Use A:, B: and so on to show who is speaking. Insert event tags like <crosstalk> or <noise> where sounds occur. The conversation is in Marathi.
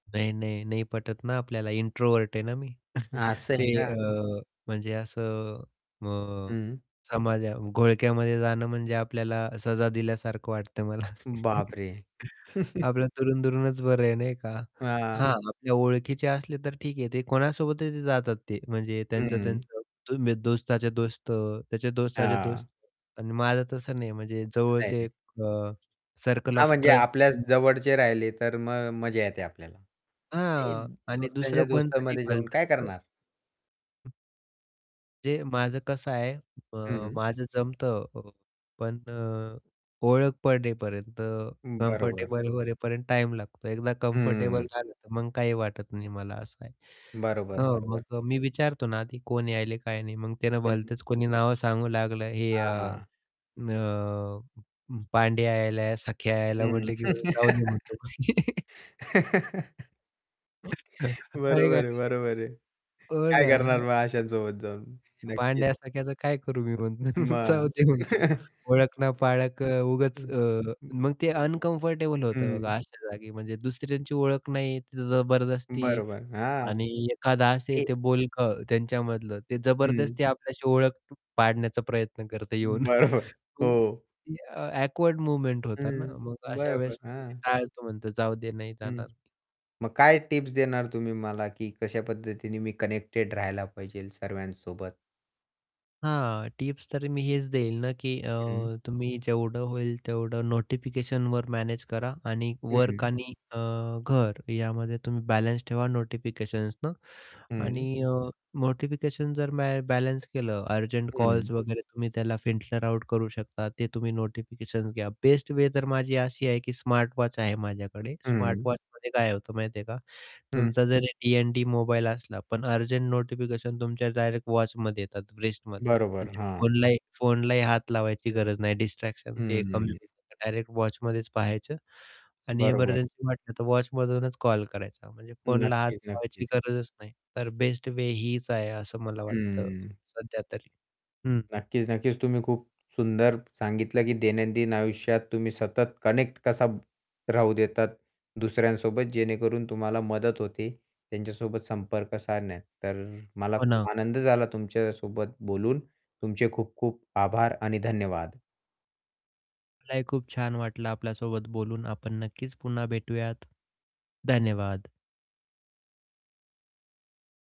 A: नाही, नाही, नाही. पटत ना आपल्याला इंट्रोव्हर्ट आहे ना मी. <chuckles>
B: असं
A: ते
B: आहे
A: अ,
B: का?
A: म्हणजे असं अ,
B: हं.
A: समजा घोळक्यामध्ये जाणं म्हणजे आपल्याला सजा दिल्यासारखं वाटतं मला. <laughs>
B: बापरे! <chuckles>
A: आपलं दुरून-दुरूनच बरं आहे नाही का.
B: हां.
A: हां, आपल्या ओळखीचे असले तर ठीक आहे ते कोणासोबतही जातात ते, म्हणजे त्यांचं
B: हं.
A: त्यांचं <unintelligible> दोस्ताचे दोस्त, त्याचे दोस्ताचे दोस्त
B: हां.
A: पण माझं तसं नाही म्हणजे
B: नाही,
A: जवळचे
B: नाही.
A: एक अ, सर्कल
B: हां,
A: ऑफ
B: म्हणजे
A: ट्रस्ट
B: आपल्या
A: <unintelligible>
B: जवळचे राहिले तर मग मजा येते आपल्याला. ते
A: हां आणि
B: दोस्तांच्या
A: दुसरं कोणतरी
B: दोस्तांमध्ये जाऊन काय
A: भलतंच
B: करणार?
A: ते माझं कसं आहे,
B: हं,
A: अ,
B: हं.
A: माझं जमतं अ, पण अ, ओळख पडेपर्यंत,
B: हं, बरोबर.
A: कम्फर्टेबल होण्यापर्यंत टाईम लागतो. एकदा
B: हं.
A: कम्फर्टेबल झालं तर मग काही वाटत नाही मला असं आहे.
B: बरोबर,
A: हं,
B: बरोबर.
A: मग मी विचारतो ना आधी, की कोण यायलंय काय नाही, मग त्यानं
B: हं.
A: भलतंच कोणी नावं सांगू लागलं, हे अ,
B: हां,
A: अ,
B: हां.
A: उम्म, पांडे यायला, सखे यायला.
B: हं.
A: म्हटलं की
B: <laughs>
A: जाऊदे म्हणतो. <laughs>
B: <laughs>
A: <chuckles> आहे का
B: बरोबर आहे,
A: नाही.
B: बरोबर आहे.
A: हो
B: काय करणार
A: ना.
B: मग अश्यासोबत जाऊन?
A: <unintelligible>
B: नक्कीच.
A: पांड्यासारख्याच काय करू मिरवून? <chuckles>
B: मग.
A: जाऊ दे म्हणतो.
B: <chuckles>
A: ओळख ना
B: <unintelligible>
A: पाळक अ, उगाच
B: हं,
A: अ,
B: हं.
A: मग ते अनकम्फर्टेबल होतं
B: हं.
A: बघा अशा जागी. म्हणजे दुसऱ्यांची ओळख नाही तिथे जबरदस्ती
B: बरोबर, हां.
A: आणि एखादं असे
B: हे
A: ते बोलकं त्यांच्यामधलं, ते
B: हं.
A: जबरदस्ती आपल्याशी ओळख पाडण्याचा प्रयत्न करत येऊन. <chuckles>
B: बरोबर,
A: मग
B: हो.
A: ती अ, ऑकवर्ड मोमेंट्स होता ना
B: हं.
A: मग अशा
B: बरोबर,
A: वेळेस
B: हां.
A: टाळतो म्हणतो जाऊदे नाही
B: हं,
A: जाणार
B: मग काय टिप्स देणार तुम्ही मला की कशा पद्धतीने मी कनेक्टेड राहायला पाहिजे सर्वांसोबत?
A: हां, टिप्स तरी मी हेच देईल ना, की अ,
B: हं.
A: तुम्ही जेवढं होईल तेवढं नोटिफिकेशनवर मॅनेज करा आणि वर्क
B: हं.
A: आणि अ, घर यामध्ये तुम्ही बॅलन्स ठेवा नोटिफिकेशन्सनं आणि
B: हं.
A: अ, नोटिफिकेशन जर मॅ बॅलन्स केलं, अर्जंट
B: हं.
A: कॉल्स वगैरे तुम्ही त्याला फिल्टर आउट करू शकता ते तुम्ही नोटिफिकेशन्स घ्या. बेस्ट वे तर माझी अशी आहे की स्मार्ट वॉच आहे माझ्याकडे. स्मार्ट
B: हं.
A: वॉचमध्ये काय होतं माहिती आहे का,
B: हं.
A: तुमचा जरी डी-एन-डी मोबाईल असला पण अर्जंट नोटिफिकेशन तुमच्या डायरेक्ट वॉचमध्ये येतात रिस्टमध्ये
B: बरोबर, हां.
A: फोनलाही फोनलाही हात लावायची गरज नाही. डिस्ट्रॅक्शन ते
B: हं,
A: एक कमी
B: हं.
A: होतं. डायरेक्ट वॉचमध्येच पाहायचं आणि
B: बरोबर.
A: एमर्जन्सी वाटली तर वॉचमधूनच कॉल करायचा म्हणजे फोनला हात
B: नक्कीच,
A: लावायची
B: नक्कीच.
A: गरजच नाही. तर बेस्ट वे हीच आहे असं मला वाटतं
B: हं.
A: सध्या तरी, हं.
B: नक्कीच, नक्कीच. तुम्ही खूप सुंदर सांगितलं की दैनंदिन आयुष्यात तुम्ही सतत कनेक्ट कसा राहू देतात दुसऱ्यांसोबत जेणेकरून तुम्हाला मदत होते, त्यांच्यासोबत संपर्क साधण्यात. तर अ, मला
A: हो
B: खूप
A: ना.
B: आनंद झाला तुमच्यासोबत बोलून, तुमचे खूप-खूप आभार आणि धन्यवाद
A: मलाही खूप छान वाटलं आपल्यासोबत बोलून. आपण नक्कीच पुन्हा भेटूयात. धन्यवाद.